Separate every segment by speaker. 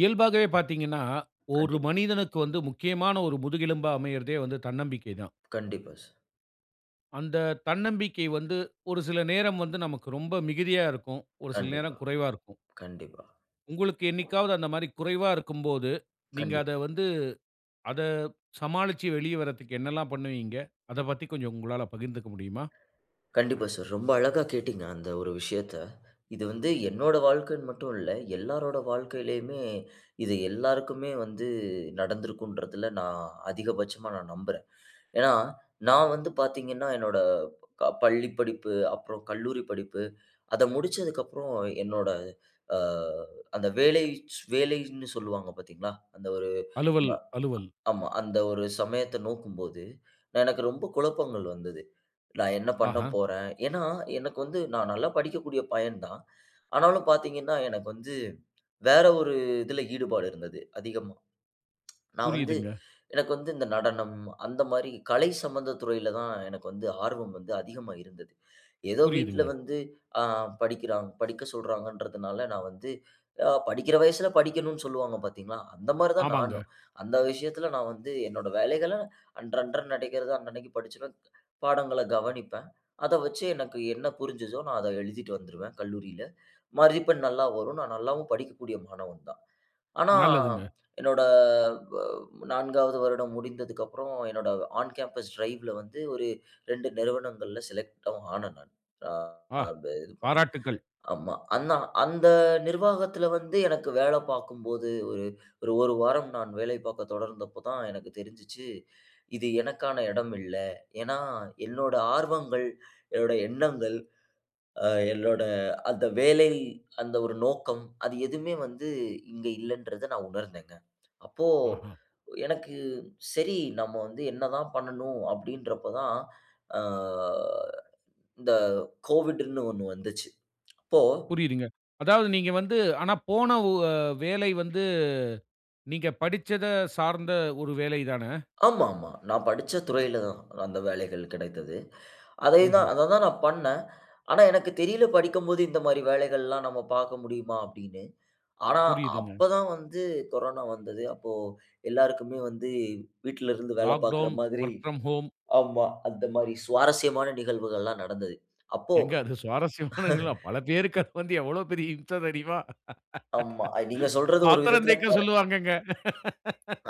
Speaker 1: இயல்பாகவே பார்த்தீங்கன்னா, 1
Speaker 2: கண்டிப்பா.
Speaker 1: மனிதனுக்கு வந்து முக்கியமான 1 முதுகெலும்பா அமயறதே வந்து தன்னம்பிக்கை தான்.
Speaker 2: கண்டிப்பா. சார்.
Speaker 1: அந்த தன்னம்பிக்கை வந்து, 1 சில நேரம் வந்து நமக்கு ரொம்ப மிகுதியா இருக்கும். 1 சில நேரம்
Speaker 2: கண்டிப்பா,
Speaker 1: குறைவா இருக்கும்.
Speaker 2: கண்டிப்பா.
Speaker 1: உங்களுக்கு என்னைக்காவது அந்த மாரி குறைவா இருக்கும்போது, நீங்க
Speaker 2: கண்டிப்பா.
Speaker 1: அத வந்து அத சமாளிச்சு, வெளிய வறதுக்கு என்னெல்லாம் பண்ணுவீங்க? அதைப் பத்தி கொஞ்சம் உங்களால பகிர்ந்துக்க முடியுமா?
Speaker 2: கண்டிப்பா சார். ரொம்ப அழகா கேட்டீங்க அந்த ஒரு விஷயத்த. இது வந்து என்னோட வாழ்க்கைன்னு மட்டும் இல்ல, எல்லாரோட வாழ்க்கையிலேயுமே, இது எல்லாருக்குமே வந்து நடந்திருக்குன்றதுல நான் அதிகபட்சமா நான் நம்புறேன். ஏன்னா நான் வந்து பார்த்தீங்கன்னா, என்னோட அ பள்ளி படிப்பு அப்பறம் கல்லூரி படிப்பு அதை முடிச்சதுக்கப்புறம் என்னோட அ அந்த வேலைச் வேலைன்னு சொல்லுவாங்க பார்த்தீங்களா, அந்த ஒரு
Speaker 1: அலுவல்
Speaker 2: ஆமா,
Speaker 1: அலுவல்.
Speaker 2: ஆமா. அந்த ஒரு சமயத்த நோக்கும்போது, எனக்கு ரொம்ப குழப்பங்கள் வந்தது. "நான் என்ன பண்ண
Speaker 1: ஆஹா.
Speaker 2: போறேன்?" ஏன்னா எனக்கு வந்து நான் நல்லா படிக்கக்கூடிய பையன் தான். ஆனாலும் பார்த்தீங்கன்னா, எனக்கு வந்து வேற ஒரு இதுல ஈடுபாடு இருந்தது அதிகமா. நான் வந்து
Speaker 1: புரியுதுங்க.
Speaker 2: எனக்கு வந்து இந்த நடனம் அந்த மாரி, கலை சம்பந்த துறையில தான் எனக்கு வந்து ஆர்வம் வந்து அதிகமா இருந்தது. ஏதோ வீட்டில
Speaker 1: புரியுதுங்க.
Speaker 2: வந்து ஆ படிக்கிறான் படிக்க சொல்றாங்கன்றதனால நான் வந்து அ படிக்கிற வயசுல படிக்கணும்ன்னு சொல்லுவாங்க பார்த்தீங்களா? அந்த மாரி தான் நானும்.
Speaker 1: ஆமாங்க.
Speaker 2: அந்த விஷயத்தில நான் வந்து என்னோட வேலைகள, அன்றன்ற நடக்கிறது அன்னன்னைக்குப் படிச்சுருவேன். பாடங்கள கவனிப்பேன். அதை வைச்சு எனக்கு என்ன புரிஞ்சுதோ, நான் அதை எழுதிட்டு வந்துருவேன் கல்லூரியில. மதிப்பெண் நல்லா வரும். நான் நல்லாவும் படிக்கக்கூடிய மாணவன் தான். ஆனா
Speaker 1: நல்லதுங்க.
Speaker 2: என்னோட அ 4ஆவது வருடம் முடிந்ததுக்கப்புறம் என்னோட ஆன் கேம்பஸ் டிரைவ்ல வந்து ஒரு 2 நிறுவனங்கள்ல செலக்ட்டாவும் ஆனேன் நான். ஆ
Speaker 1: ஆ!
Speaker 2: இது பண்ணேன்,
Speaker 1: பாராட்டுக்கள்.
Speaker 2: ஆமா அன்ன அந்த நிர்வாகத்துல வந்து எனக்கு வேலை பார்க்கும்போது ஒரு ஒரு 1 வாரம் நான் வேலை பார்க்க தொடர்ந்தப்போ தான், எனக்கு தெரிஞ்சிச்சு இது எனக்கான இடம் இல்ல. ஏன்னா என்னோட ஆர்வங்கள், என்னோட எண்ணங்கள், ஆ என்னோட அந்த வேலை, அந்த ஒரு நோக்கம் அது எதுவுமே வந்து இங்க இல்லன்றத நான் உணர்ந்தேங்க. அப்போ
Speaker 1: ஆஹா.
Speaker 2: எனக்கு, "சரி நம்ம வந்து என்ன தான் பண்ணும்?" அப்படீன்றப்ப தான் அ இந்த கோவிட்ன்னு ஒண்ணு வந்துச்சு. அப்போ
Speaker 1: புரியுதுங்க. அதாவது நீங்க வந்து ஆனா போன வ்-வேலை வந்து நீங்க படிச்சத சார்ந்த ஒரு வேலை தான?
Speaker 2: ஆமாமா. நான் படிச்ச துறையில தான் அந்த வேலைகள் கிடைத்தது. அதே
Speaker 1: ம்ஹ்ம்.
Speaker 2: தான் அதை தான் நான் பண்ணேன். ஆனா எனக்கு தெரியல படிக்கும்போது, "இந்த மாரி வேலைகள்லாம் நம்ம பார்க்க முடியுமா?" அப்படீன்னு. ஆனா
Speaker 1: புரியுதுங்க.
Speaker 2: அப்ப தான் வந்து கொரோனா வந்தது. அப்போ எல்லாருக்குமே வந்து வீட்டில இருந்து வேலை பார்க்கிற
Speaker 1: லாக்டவுன்,
Speaker 2: மாதிரி
Speaker 1: ஒர்க் ஃப்ரம் ஹோம்.
Speaker 2: ஆமா, அந்த மாரி சுவாரஸ்யமான நிகழ்வுகள்ல்லாம் நடந்தது. அப்போ
Speaker 1: ஏங்க அது சுவாரஸ்யமானதுங்களா? பல பேருக்கு அது வந்து எவ்வளவு பெரிய இம்ச தெரியுமா?
Speaker 2: ஆமா, அ நீங்க சொல்றது ஒரு
Speaker 1: பாத்திரம்
Speaker 2: விதத்தில க
Speaker 1: தேய்க்க சொல்லுவாங்கங்க.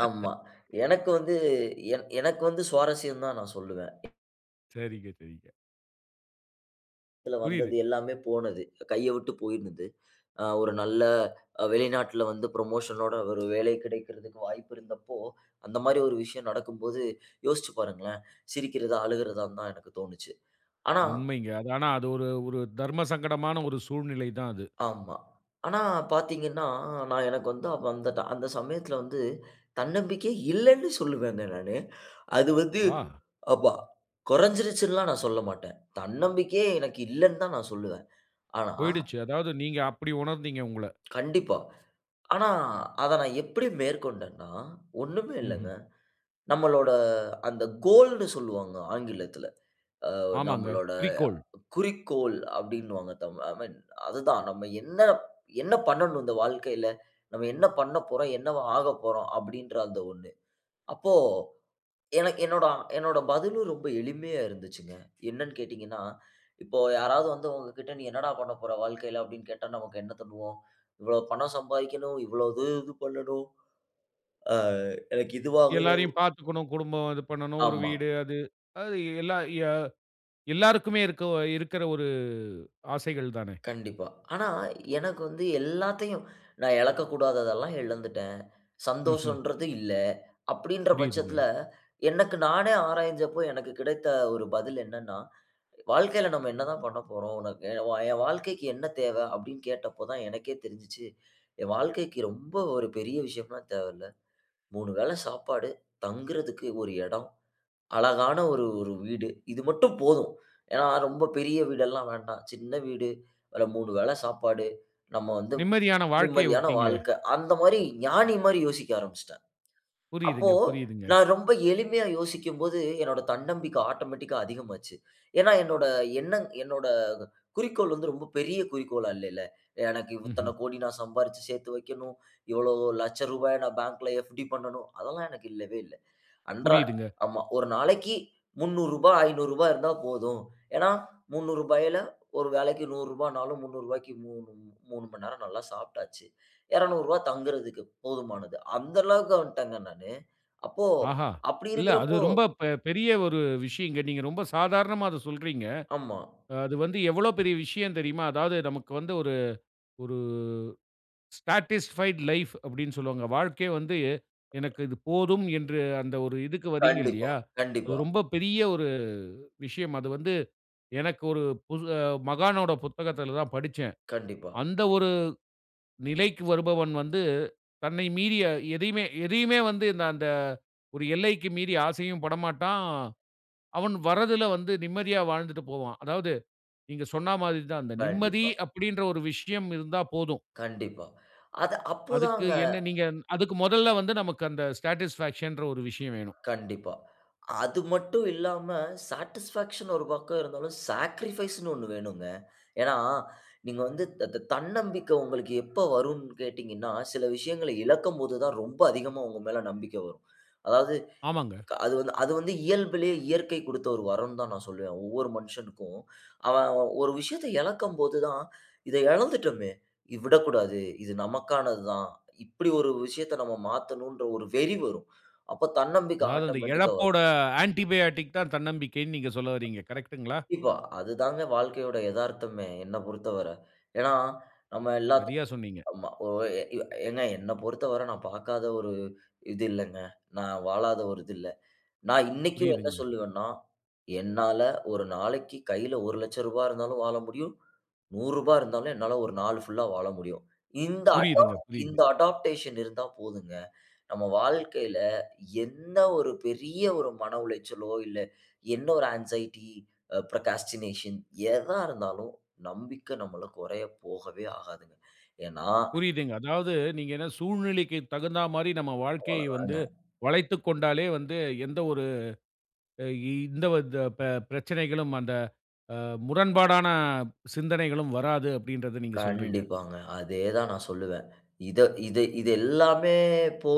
Speaker 2: ஆமா. எனக்கு வந்து என எனக்கு வந்து சுவாரஸ்யம் தான் நான் சொல்லுவேன்.
Speaker 1: சரிங்க, சரிங்க.
Speaker 2: இதுல வந்தது
Speaker 1: புரியுது.
Speaker 2: எல்லாமே போனது. கைய விட்டு போயிருந்தது. ஆ 1 நல்ல அ வெளிநாட்டில வந்து, புரமோஷன் னோட 1 வேலை கிடைக்குறதுக்கு வாய்ப்பு இருந்தப்போ, அந்த மாரி 1 விஷயம் நடக்கும்போது யோசிச்சு பாருங்களேன். சிரிக்கிறதா, அழுகறதான்னு தான், எனக்கு தோணிச்சு ஆனா,
Speaker 1: உண்மைங்க. அது ஆனா, அது 1 1 தர்ம சங்கடமான 1 சூழ்நிலை தான் அது.
Speaker 2: ஆமா. ஆனா பார்த்தீங்கன்னா, நான் எனக்கு வந்து அந்தட்ட அந்த சமயத்தில வந்து, தன்னம்பிக்கை இல்லன்னு சொல்லுவேங்க நானு. அது வந்து
Speaker 1: ஆ.
Speaker 2: ஆமா கொறஞ்சிருச்சுன்னெல்லாம் நான் சொல்லமாட்டேன். தன்னம்பிக்கையே எனக்கு இல்லன்னு தான், நான் சொல்லுவேன். ஆனா,
Speaker 1: போயிடுச்சு. அதாவது, நீங்க அப்புடி உணர்ந்தீங்க உங்கள.
Speaker 2: கண்டிப்பா. ஆனா, அத நான் எப்புடி மேற்கொண்டன்னா, 1 மே
Speaker 1: ம்ஹ்ம்.
Speaker 2: இல்லங்க. நம்மளோட அந்த கோல்டுன்னு சொல்லுவாங்க ஆங்கிலத்தில. அ
Speaker 1: ஆமாங்க.
Speaker 2: நம்மளோட
Speaker 1: குறிக்கோள்.
Speaker 2: குறிக்கோள் அப்பிடின்னுவாங்க, தமிழ்ல. ஐ மீன் அதுமா அதுதான் நம்ம என்ன, என்ன பண்ணனும், இந்த வாழ்க்கையில, நம்ம என்ன பண்ணப்போறோம், என்னவா ஆகப்போறோம். அப்பிடின்ற, அந்த 1 அப்போ, எனக் என்னோட, என்னோட பதிலும் ரொம்ப எளிமையா இருந்துச்சுங்க. என்னென்னு கேட்டீங்கன்னா இப்போ யாராவது வந்து உங்ககிட்ட "நீ என்னடா பண்ணப்போற வாழ்க்கையில" அப்பிடின்னு, கேட்டா நமக்கு என்ன சொல்லுவோம். இவ்ளோ பணம் சம்பாதிக்கணும். இவ்ளோ இது இது பண்ணனும். அ, எனக்கு இதுவாங்கணும்.
Speaker 1: எல்லாரையும் பார்த்துக்கணும். குடும்பம் இது பண்ணனும். 1
Speaker 2: ஆமா.
Speaker 1: வீடு அது. அது எல்லா எ எல்லாருக்குமே, இருக்க இருக்கற 1, ஆசைகள் தானே.
Speaker 2: கண்டிப்பா. ஆனா எனக்கு வந்து எல்லாத்தையும், நான் எழக்கக்கூடாதது எல்லாம் இழந்துட்டேன்.
Speaker 1: ம்ஹ்ம்.
Speaker 2: சந்தோஷம்ன்றது இல்ல. அப்பிடின்ற
Speaker 1: புரியுதுங்க.
Speaker 2: பட்சத்தில, எனக்கு நானே ஆராய்ஞ்சப்போ, எனக்கு கிடைத்த 1 பதில் என்னென்ன, "வாழ்க்கையில நம்ம என்ன தான் பண்ணப்போறோம்? உனக்கு என் வா வாழ்க்கைக்கு என்ன தேவை?" அப்பிடின்னு கேட்டப்ப தான், எனக்கே தெரிஞ்சுச்சு. என் வாழ்க்கைக்கு, ரொம்ப 1 பெரிய விஷயம்லாம் தேவயில்ல. 3 வேளை சாப்பாடு. தங்குறதுக்கு 1 எடம். அழகான 1 1 வீடு. இது மட்டும் போதும். ஏன்னா, ரொம்ப பெரிய வீடெல்லாம் வேண்டாம். சின்ன வீடு, அதுல 3 வேள சாப்பாடு, நம்ம வந்து
Speaker 1: நிம்மதியான வாழ்க்கைய
Speaker 2: நிம்மதியான
Speaker 1: விட்டீங்களே.
Speaker 2: வாழ்க்க. அந்த மாரி ஞானி மாரி யோசிக்க ஆரம்பிசுட்டேன். அப்போ,
Speaker 1: புரியுதுங்க. புரியுதுங்க.
Speaker 2: நான் ரொம்ப எளிமையா யோசிக்கும்போது, என்னோட தன்னம்பிக்க ஆட்டோமேட்டிக் கா அதிகமாச்சு. ஏன்னா என்னோட எண்ணங் என்னோட குறிக்கோள் வந்து, ரொம்ப பெரிய குறிக்கோளா இல்லைல. எனக்கு இத்தன
Speaker 1: ம்ஹ்ம்.
Speaker 2: கோடி, நான் சம்பாரிச்சு சேத்து வைக்கணும். இவ்வளவு ரூ.100000 ய நான் பேங்க்ல எஃப்-டி பண்ணனும். அதெல்லாம் எனக்கு இல்லவே இல்ல. அன்றா
Speaker 1: புரியுதுங்க.
Speaker 2: ஆமா. 1 நாளைக்கு ரூ.300, 500 இருந்தா போதும். ஏன்னா, ரூ.300 யில 1 வேளைக்கு ரூ.100 னாலும், ரூ.300 க்கு மூ 3, 3 மணி நேரம் நல்லா சாப்டாச்சு. ரூ.200 தங்குறதுக்கு. போதுமானது. அந்த அளவுக்கு வந்துட்டேங்க நானு. அப்போ,
Speaker 1: ஆஹா!
Speaker 2: அப்பிடி
Speaker 1: இல்ல, அது
Speaker 2: இருக்குறப்போ,
Speaker 1: ரொம்ப பெ பெரிய 1 விஷயங்க. நீங்க ரொம்ப சாதாரணமா அத சொல்றீங்க.
Speaker 2: ஆமா.
Speaker 1: அ அது வந்து எவ்ளோ பெரிய விஷயம் தெரியுமா? அதாவது நமக்கு வந்து 1 1 ஸ்டாட்டிஸ்ஃபைட் லைஃப் அப்டின்னு, சொல்லுவாங்க. வாழ்க்கையே வந்து, எனக்கு இது போதும் என்று அந்த 1 இதுக்கு வரீங்க
Speaker 2: கண்டிப்பா,
Speaker 1: இல்லயா! அது
Speaker 2: கண்டிப்பா.
Speaker 1: ரொம்ப பெரிய 1 விஷயம். அது வந்து, எனக்கு 1 புது மகானோட புத்தகத்தில தான் படிச்சேன்.
Speaker 2: கண்டிப்பா.
Speaker 1: அந்த 1 நிலைக்கு வருபவன் வந்து, தன்னை மீறிய எதையுமே, எதையுமே வந்து இந்த அந்த 1 எல்லைக்கு மீறி ஆசையும் படமாட்டான். அவன் வரதில வந்து, நிம்மதியா வாழ்ந்துட்டு போவான். அதாவது, நீங்க சொன்னா மாதிரி தான். அந்த நிம்மதி
Speaker 2: கண்டிப்பா.
Speaker 1: அப்பிடின்ற 1 விஷயம் இருந்தா போதும்.
Speaker 2: கண்டிப்பா. அத
Speaker 1: அதுக்கு
Speaker 2: அப்பதாங்க,
Speaker 1: என்ன நீங்க, அதுக்கு மொதல்ல வந்து, நமக்கு அந்த ஸாடிஸ்ஃபாக்சன் ன்ற, 1 விஷயம் வேணும்.
Speaker 2: கண்டிப்பா. அது மட்டும் இல்லாம, சாடிஸ்ஃபாக்சன் 1 பக்கம் இருந்தாலும், சாக்ரிஃபைஸ் னு 1 வேணுங்க. ஏன்னா நீங்க வந்து த த தன்னம்பிக்க, உங்களுக்கு எப்ப வரும்ன்னு கேட்டீங்கன்னா, சில விஷயங்கள இழக்கும் போது தான், ரொம்ப அதிகமா உங்க மேல நம்பிக்கை வரும். அதாவது,
Speaker 1: ஆமாங்க.
Speaker 2: அது வந் அது வந்து இயல்புலயே இயற்கை குடுத்த 1 வரம்ன்னு தான், நான் சொல்வேன். ஒவ்வொரு மனுஷனுக்கும். அவன் 1 விஷயத்த இழக்கும் போது தான், இதை இழந்துட்டோமே, இ விடக்கூடாது, இது நமக்கானது தான். இப்படி 1 விஷயத்த நம்ம மாத்தணும்ன்ற, 1 வெறி வரும். அப்ப தன்னம்பிக்கை
Speaker 1: அதாவது, அந்த
Speaker 2: ஆட்டோமேட்டிக் ஆ
Speaker 1: இழப்போட
Speaker 2: வரும்.
Speaker 1: ஆன்டிபையாட்டிக் தான், தன்னம்பிக்கைன்னு, நீங்க சொல்ல வரீங்க. கரெக்ட்டுங்களா?
Speaker 2: இப்போ அது தாங்க வாழ்க்கையோட எதார்த்தமே. என்ன பொறுத்தவர. ஏன்னா நம்ம எல்லாத்
Speaker 1: சரியா சொன்னீங்க.
Speaker 2: ஆமா ஒ எ ஏங்க, என்ன பொறுத்தவர, நான் பாக்காத 1 இது இல்லங்க. நான் வாழாத 1 இது இல்ல. நான் இன்னைக்கும் என்ன
Speaker 1: புரியுதுங்க.
Speaker 2: சொல்லுவேன்னா, என்னால 1 நாளைக்கு கையில ரூ.100000 இருந்தாலும் வாழ முடியும். ரூ.100 இருந்தாலும், என்னால 1 நாள் ஃபுல்லா வாழ முடியும். இந்த அடாப்
Speaker 1: புரியுதுங்க. புரியுது.
Speaker 2: இந்த அடாப்டேஷன் இருந்தா போதுங்க. நம்ம வாழ்க்கையில, என்ன 1 பெரிய 1 மன உளைச்சலோ, இல்ல என்ன 1 ஆன்ஸைட்டி ப்ரோகாஸ்டினேஷன் எதா இருந்தாலும் நம்பிக்க நம்மள, குறைய போகவே ஆகாதுங்க ஏன்னா,
Speaker 1: புரியுதுங்க. அதாவது, நீங்க என்ன சூழ்நிலைக்கு தகுந்த மாரி, நம்ம வாழ்க்கையை வந்து,
Speaker 2: அவ்வளதாங்க.
Speaker 1: வளைத்துக் கொண்டாலே வந்து, எந்த 1 இ இந்த வந்த அ பெ பிரச்சனைகளும், அந்த, அ முரண்பாடான சிந்தனைகளும் வராது. அப்பிடின்றத நீங்க சொல்றீங்க.
Speaker 2: கண்டிப்பாங்க அதே தான் நான் சொல்லுவேன். இத இது, இது எல்லாமே, போ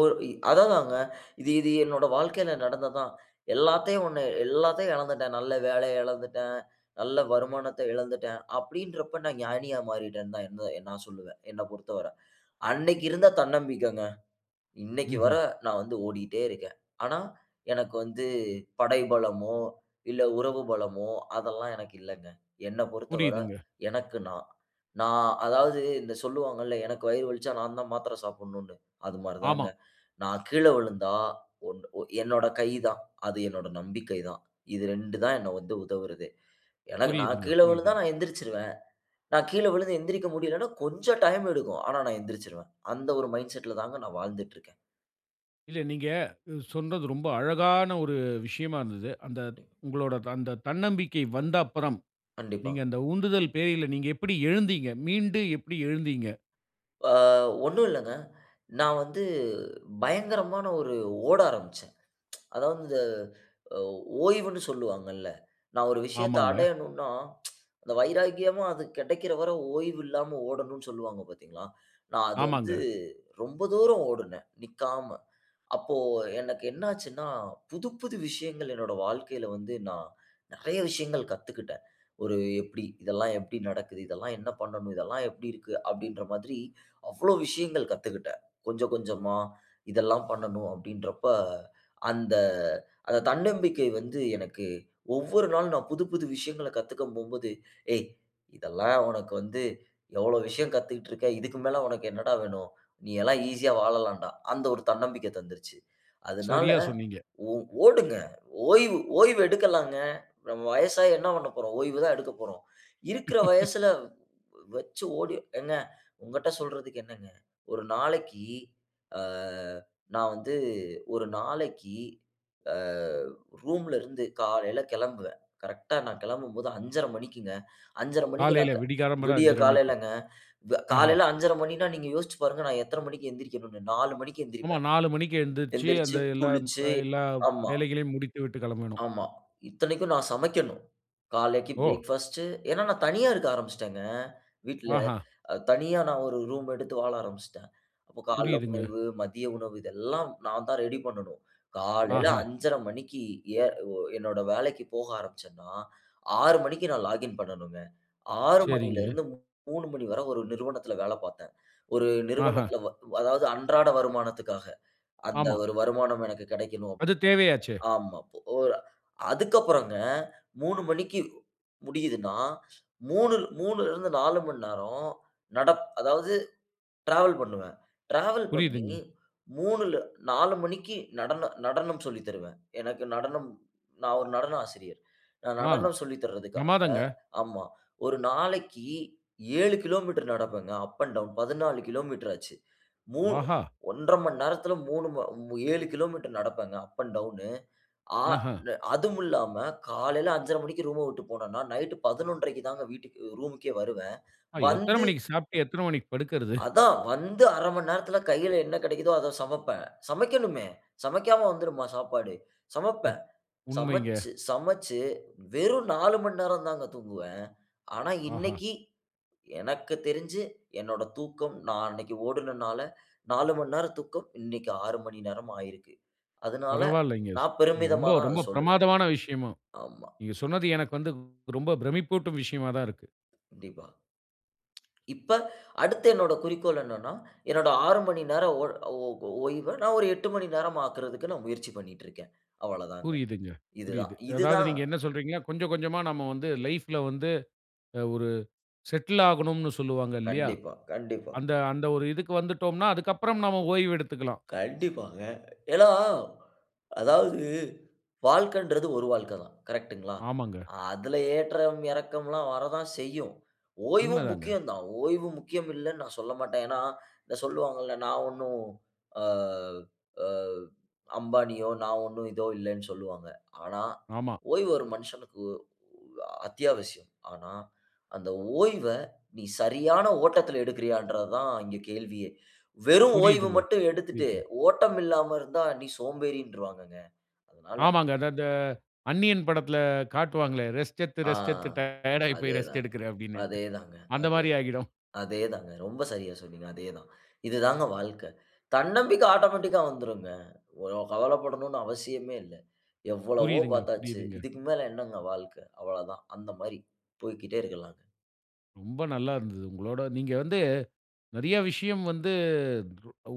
Speaker 2: அதா தாங்க. இது, இது என்னோட வாழ்க்கையில நடந்தது தான். எல்லாத்தையும் 1, எல்லாத்தையும் இழந்துட்டேன். நல்ல வேலைய இழந்துட்டேன், நல்ல வருமானத்த இழந்துட்டேன் அப்பிடின்றப்ப நான் ஞானியா மாறிட்டேன்னு தான், எந் எந் நான் சொல்லுவேன். என்ன பொறுத்தவர. அன்னக்கி இருந்த தன்னம்பிக்கைங்க, இன்னைக்கு வர,
Speaker 1: ம்ஹ்ம்.
Speaker 2: நான் வந்து ஓடிட்டே இருக்கேன். ஆனா, எனக்கு வந்து, படை பலமோ, இல்ல உறவு பலமோ, அதெல்லாம் எனக்கு இல்லங்க. என்ன பொறத்தவர,
Speaker 1: புரியுதுங்க.
Speaker 2: எனக்கு நான். நான் அதாவது, இந்த சொல்லுவாங்கள்ள, எனக்கு வயிறு வலிச்சா நான் தான் மாத்தரை சாப்டணும்னு, அது மாரி தாங்க.
Speaker 1: ஆமா.
Speaker 2: நான் கீழே விழுந்தா, 1 ஒ என்னோட கை தான். அது என்னோட நம்பிக்கை தான். இது 2 தான், என்ன வந்து உதவுறதே. எனக்கு நான்
Speaker 1: புரியுதுங்க,
Speaker 2: கீழே விழுந்தா,
Speaker 1: புரியுதுங்க.
Speaker 2: நான் எழுந்திரிச்சுருவேன். நான் கீழே விழுந்து எழுந்திரிக்க முடியலன்னா, கொஞ்சம் டைம் எடுக்கும். ஆனா நான் எந்திருச்சுருவேன். அந்த ஒரு மைண்ட்செட் ல தாங்க நான் வாழ்ந்துட்டுருக்கேன்.
Speaker 1: இல்ல, நீங்க சொன்னது, ரொம்ப அழகான ஒரு விஷயமா இருந்தது. அந்த
Speaker 2: [unintelligible]
Speaker 1: உங்களுடைய அந்த தன்னம்பிக்கை வந்த அப்பறம்,
Speaker 2: கண்டிப்பா.
Speaker 1: நீங்க அந்த உந்துதல் பேர்ல, நீங்க எப்படி எழுந்தீங்க? மீண்டு எப்படி எழுந்தீங்க?
Speaker 2: அ ஒன்னும் இல்லங்க. நான் வந்து பயங்கரமான ஒரு ஓட ஆரம்பிச்சேன். அதாவது இந்த அ ஓய்வுன்னு சொல்லுவாங்கல்ல. நான் ஒரு விஷயத்த
Speaker 1: ஆமாங்க.
Speaker 2: அடையணுன்னா அந்த வைராக்கியமா அது கெடைக்கற வர ஓய்வு இல்லாம ஓடணும்னு சொல்வாங்க பாத்தீங்களா? நான் அது வந்து
Speaker 1: ஆமாங்க.
Speaker 2: ரொம்ப தூரம் ஓடுனே நிக்காம. அப்போ எனக்கு என்ன ஆச்சுன்னா? புது புது விஷயங்கள் என்னோட வாழ்க்கையில வந்து நான் நெறய விஷயங்கள் கத்துக்கிட்டேன். ஒரு எப்படி இதெல்லாம் எப்படி நடக்குது, இதெல்லாம் என்ன பண்ணணும், இதெல்லாம் எப்படி இருக்கு? அப்டின்ற மாதிரி. அவ்ளோ விஷயங்கள் கத்துக்கிட்டேன். கொஞ்சம் கொஞ்சமா இதெல்லாம் பண்ணணும் அப்டின்றப்ப, அந்த அந்த தன்னம்பிக்கை வந்து எனக்கு ஒவ்வொரு நாளும், நான் புது புது விஷயங்கள கத்துக்க போம்போது. "ஏய் இதெல்லாம் உனக்கு வந்து எவ்ளோ விஷயம் கத்துக்கிட்டு இருக்க. இதுக்கு மேல உனக்கு என்னடா வேணும்? நீ எல்லாம் ஈசியா வாழலாண்டா", அந்த ஒரு தன்னம்பிக்க தந்துருச்சு. அதனால
Speaker 1: சரியா சொன்னீங்க.
Speaker 2: ஓ ஓடுங்க ஓய்வு ஓய்வு எடுக்கலாங்க. நம்ம வயசாகி என்ன பண்ணப்போறோம். ஓய்வு தான் எடுக்க போறோம். இருக்குற வயசுல வச்சு ஓடி ஏங்க உங்ககிட்ட சொல்றதுக்கு என்னங்க? ஒரு நாளைக்கி, ஆ நான் வந்து ஒரு நாளைக்கி அ ரூம்ல இருந்து காலைல கெளம்புவேன் கரெக்ட்டா, நான் கெளம்பும்போது 5 1/2 மணிக்கு. 5 1/2 மணிக்கு
Speaker 1: காலையில
Speaker 2: நாக
Speaker 1: விடிகாலம்பற
Speaker 2: விடிய
Speaker 1: 5 1/2 மணிக்கு.
Speaker 2: காலைலங்க வ
Speaker 1: ஆஹ.
Speaker 2: காலைல 5 1/2 மணினா, நீங்க யோசிச்சு பாருங்க. நான் எத்தன மணிக்கு எழுந்திரிக்கணும்னு, 4 மணிக்கு
Speaker 1: ஆமா
Speaker 2: எந்திரிப்பேன்
Speaker 1: 4:00 மணிக்கு எழுந்திரிச்சு, அந்த
Speaker 2: எந்திரிச்சு
Speaker 1: எல்லாம்
Speaker 2: குளிச்சு
Speaker 1: எல்லா
Speaker 2: ஆமா.
Speaker 1: வேலைகளையும், முடித்து விட்டு கிளம்பணும்.
Speaker 2: ஆமா. இத்தனைக்கும் நான் சமைக்கணும். காலைக்கி
Speaker 1: ஓ!
Speaker 2: பிரேக்ஃபாஸ்ட் ஏன்னா, நான் தனியா இருக்க ஆரம்பிச்சுட்டேங்க. வீட்ல
Speaker 1: ஆஹ.
Speaker 2: தனியா நான் ஒரு ரூம் எடுத்து வாழ ஆரம்பிச்சுட்டேன். அப்போ கால்ல
Speaker 1: புரியுதுங்க.
Speaker 2: உணவு, மதிய உணவு இதெல்லாம் நான் தான் ரெடி பண்ணணும். காலையில
Speaker 1: ஆஹ.
Speaker 2: 5 1/2 மணிக்கு எ ஓ என்னோட வேலைக்கு போக ஆரம்பிச்சேன்னா, 6:00 மணிக்கு நான் லாகின் பண்ணணுங்க 6:00 மணில
Speaker 1: சரிங்க.
Speaker 2: இருந்து 3:00 மணி வரை ஒரு நிறுவனத்துல வேல பாத்தேன். ஒரு
Speaker 1: ஆஹ.
Speaker 2: நிறுவனத்துல வ அதாவது அன்றாட வருமானத்துக்காக அந்த
Speaker 1: ஆமா.
Speaker 2: வரு வருமானம் எனக்கு கிடைக்கணும்.
Speaker 1: அது தேவையாச்சே!
Speaker 2: ஆமா பொ அ அதுக்கப்றம்ங்க, 3:00 மணிக்கு முடியுதுன்னா, 3:00 3:00ல இருந்து 4:00 மணி நேரம் நடப் அதாவது டிராவல் பண்ணுவேன். டிராவல் பண்ணி
Speaker 1: புரியுதுங்க.
Speaker 2: 3ல்ல 4:00 மணிக்கு நடன நடனம் சொல்லி தருவேன். எனக்கு நடனம் நான் ஒரு நடன ஆசிரியர். நான்
Speaker 1: அ
Speaker 2: நடனம் சொல்லி தர்றதுக்காக
Speaker 1: ப்ரமாதங்க.
Speaker 2: ஆமா, ஒரு நாளைக்கு 7 கிலோமீட்டர் நடப்பேங்க. அப் அண்ட் டவுன் 14 கிலோமீட்டர் ஆச்சு. மூ
Speaker 1: ஆஹா!
Speaker 2: 1- 1/2 மணி நேரத்தில மூணும 7 கிலோமீட்டர் நடப்பேங்க அப் அண்ட் டவுன் அ
Speaker 1: ஆஹா.
Speaker 2: நு அதுவும் இல்லாம காலைல 5: 1/2 மணிக்கு ரூம்ம விட்டு போனன்னா நைட்டு 11: 1/2 தான் வீட்டுக்கு ரூம்க்கே வருவேன்
Speaker 1: அ, எத்தன
Speaker 2: வந்து
Speaker 1: மணிக்கு சாப்ட்டு? எத்தன மணிக்கு படுக்குறது?
Speaker 2: அதான், வந்து 1/2 மணி நேரத்ல கையில என்ன கெடைக்கிதோ அத சமப்பேன். சமைக்கணுமே சமைக்காம வந்துருமா சாப்பாடு? சமைப்பேன்.
Speaker 1: அத் உண்மைங்க.
Speaker 2: சமச்சு சமச்சு வெறும் 4:00 மணி நேரம் தாங்க தூங்குவேன். ஆனா
Speaker 1: ஆஹா!
Speaker 2: இன்னைக்கி எனக்கு தெரிஞ்சு என்னோட தூக்கம் நான் அன்னைக்கு ஓடுனனால, 4:00 மணி நேரம் தூக்கம் இன்னைக்கு 6:00 மணி நேரம் ஆயிருக்கு. அதனால,
Speaker 1: பரவாயில்லங்க ஸ்
Speaker 2: நான் பெருமிதமா
Speaker 1: ரொம்ப
Speaker 2: தான் அத
Speaker 1: ரொம்ப
Speaker 2: சொல்லுவேன்.
Speaker 1: பிரமாதமான விஷயமும்.
Speaker 2: ஆமா.
Speaker 1: நீங்க சொன்னது எனக்கு வந்து வ் ரொம்ப பிரமிப்பூட்டும் விஷயமா தான் இருக்கு!
Speaker 2: கண்டிப்பா. இப்ப அடுத்து என்னோட குறிக்கோள் என்னன்னா? என்னுடைய 6:00 மணி நேரம் ஒ ஓவ் ஓய்வ நான் ஒரு 8:00 மணி நேரம் ஆக்குறதுக்கு நான் முயற்சி பண்ணிட்டு இருக்கேன். அவ்வள தாங்க.
Speaker 1: புரியுதுங்க,
Speaker 2: இது தான்
Speaker 1: புரியுது.
Speaker 2: இது
Speaker 1: அதாவது
Speaker 2: தான்.
Speaker 1: நீங்க என்ன சொல்றீங்க கொஞ்சம் கொஞ்சமா நாம வந்து லைஃப்ல வந்து அ ஒரு செட்டில் ஆகணும்னு சொல்லுவாங்க இல்லையா?
Speaker 2: கண்டிப்பா, கண்டிப்பா.
Speaker 1: அந்த அந்த ஒரு இதுக்கு வந்துட்டோம்னா அதுக்கு அப்பறம் நாம ஓய்வு எடுத்துக்கலாம்.
Speaker 2: கண்டிப்பாங்க. ஏன்னா, அதாவது வாழ்க்கைங்கறது ஒரு வாழ்க்கை தான். கரெக்ட்டுங்களா?
Speaker 1: ஆமாங்க.
Speaker 2: அதுல ஏற்றம் இறக்கம்லாம் வர தான் செய்யும். ஓய்வும்
Speaker 1: உண்மதாங்க.
Speaker 2: முக்கியம் தான். ஓய்வு முக்கியம் இல்லன்னு நான் சொல்லமாட்டேன். ஏன்னா? இதை சொல்லுவாங்கல்ல நான் ஒன்னும், அ அ "அம்பானியோ, நான் ஒன்னும் இதோ இல்லன்னு", சொல்லுவாங்க. ஆனா
Speaker 1: ஆமா.
Speaker 2: ஓய்வு ஒரு மனுசனுக்கு ஒ அத்தியாவசியம். ஆனா அந்த ஓய்வ நீ சரியான ஓட்டத்துல எடுக்குறியான்றது தான் இங்க கேள்வியே. வெறும் ஓய்வு
Speaker 1: புரியுதுங்க,
Speaker 2: மட்டும் எடுத்துட்டு
Speaker 1: புரியுதுங்க.
Speaker 2: ஓட்டம் இல்லாம இருந்தா, நீ சோம்பேறின்றுவாங்கங்க. அதனால
Speaker 1: ஆமாங்க, அது அத அந்நியன் படத்ல காட்டுவாங்களே. "ரெஸ்ட் எடுத்து,
Speaker 2: அ
Speaker 1: ரெஸ்ட் எடுத்து, டயர்ட்ஆயி போயி ரெஸ்ட்
Speaker 2: அதேதாங்க,
Speaker 1: எடுக்குறேன்", அப்படின்னு.
Speaker 2: அதேதாங்க,
Speaker 1: அந்த
Speaker 2: அதேதா
Speaker 1: மாரி ஆயிடும்.
Speaker 2: அதேதாங்க, ரொம்ப சரியா சொன்னீங்க. அதேதான் இதுதாங்க வாழ்க்க. தன்னம்பிக்க ஆட்டோமேட்டிக்கா வந்துரும்ங்க. ஒ கவலைப்படணும்னு அவசியமே இல்ல. எவ்வளவோ
Speaker 1: புரியுதுங்க,
Speaker 2: பாத்தாச்சு
Speaker 1: புரியுதுங்க.
Speaker 2: இதுக்கு மேல என்னங்க வாழ்க்க. அவ்வளதான் அந்த மாரி போய்க்கிட்டே இருக்கலாங்க.
Speaker 1: ரொம்ப நல்லா இருந்தது உங்களோட நீங்க வந்து நெறைய விஷயம் வந்து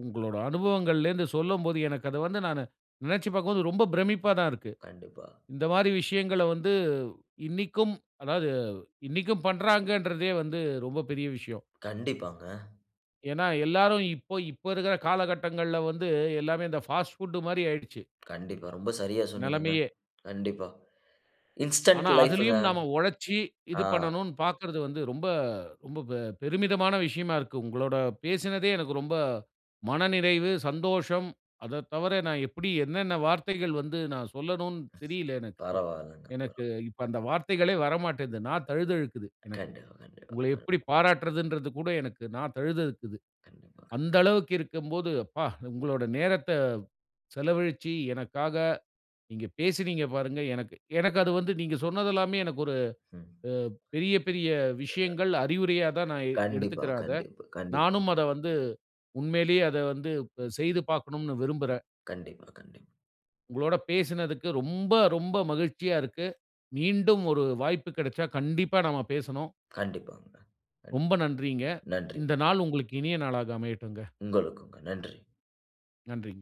Speaker 1: உங்களோட அனுபவங்கள்லிருந்து சொல்லும்போது, எனக்கு அத வந்து நானு, நெனச்சு பார்க்கும்போது, ரொம்ப பிரமிப்பா தான் இருக்கு.
Speaker 2: கண்டிப்பா.
Speaker 1: இந்த மாரி விஷயங்கள வந்து இன்னைக்கும் அதாவது இன்னைக்கும் பண்றாங்கன்றதே வந்து ரொம்ப பெரிய விஷயம்.
Speaker 2: கண்டிப்பாங்க.
Speaker 1: ஏன்னா எல்லாரும் இப்ப இப்ப இருக்குற காலகட்டங்கள்ல வந்து எல்லாமே, இந்த ஃபாஸ்ட் புட் மாரி ஆயிடுச்சு.
Speaker 2: கண்டிப்பா ரொம்ப சரியா சொன்னீங்கங்க.
Speaker 1: நெலமையே
Speaker 2: கண்டிப்பா. இன்ஸ்டண்ட்
Speaker 1: ஆனா,
Speaker 2: லைப்ங்க.
Speaker 1: அதிலயும் நாம ஒழச்சு இது
Speaker 2: ஆ.
Speaker 1: பண்ணனும்னு பார்க்கிறது வந்து, ரொம்ப ரொம்ப பெ பெருமிதமான விஷயமா இருக்கு. உங்களோட பேசினதே எனக்கு ரொம்ப மனநிறைவு, சந்தோஷம். அதை தவிர நான் எப்புடி என்னென்ன வார்த்தைகள் வந்து நான் சொல்லணும்னு தெரியல எனக்கு.
Speaker 2: பரவாயில்லங்க பர
Speaker 1: எனக்கு இப்ப அந்த வார்த்தைகளே வரமாட்டேங்குது. நா தழுதழுக்குது எனக்கு.
Speaker 2: கண்டிப்பா, கண்டிப்பா,
Speaker 1: உங்கள
Speaker 2: க
Speaker 1: எப்படி பாராட்டுறதுன்றது கூட எனக்கு நா தழுதக்குது.
Speaker 2: கண்டிப்பா, கண்டிப்
Speaker 1: அந்த அளவுக்கு இருக்கம்போது, அப்பா! உங்களோட நேரத்த செலவழிச்சு எனக்காக நீங்க பேசினீங்க பாருங்க எனக்கு. எனக்கு அது வந்து நீங்க சொன்னதெல்லாமே எனக்கு ஒரு
Speaker 2: ம்.
Speaker 1: அ பெரிய பெரிய
Speaker 2: [unintelligible]
Speaker 1: விஷயங்கள் அறிவுரையா தான் நான் எ
Speaker 2: கண்டிப்பா,
Speaker 1: எடுத்துக்கறேன் அத.
Speaker 2: கண்டிப்பா, கண்டிப்பா.
Speaker 1: நானும் அத வந்து உண்மையிலயே அத ப வந்து செய்து பார்க்கணும்னு விரும்புறேன்.
Speaker 2: கண்டிப்பா, கண்டிப்பா.
Speaker 1: உங்களோட பேசினதுக்கு ரொம்ப, ரொம்ப மகிழ்ச்சியா இருக்கு. மீண்டும் ஒரு வாய்ப்பு கெடைச்சா கண்டிப்பா நம்ம பேசனும்.
Speaker 2: கண்டிப்பாங்க. நன்
Speaker 1: ரொம்ப நன்றிங்க.
Speaker 2: நன்றி.
Speaker 1: இந்த நாள் உங்களுக்கு இனிய நாளாக அமையட்டுங்க.
Speaker 2: உங்களுக்கும்ங்க, நன்றி.
Speaker 1: நன்றிங்க.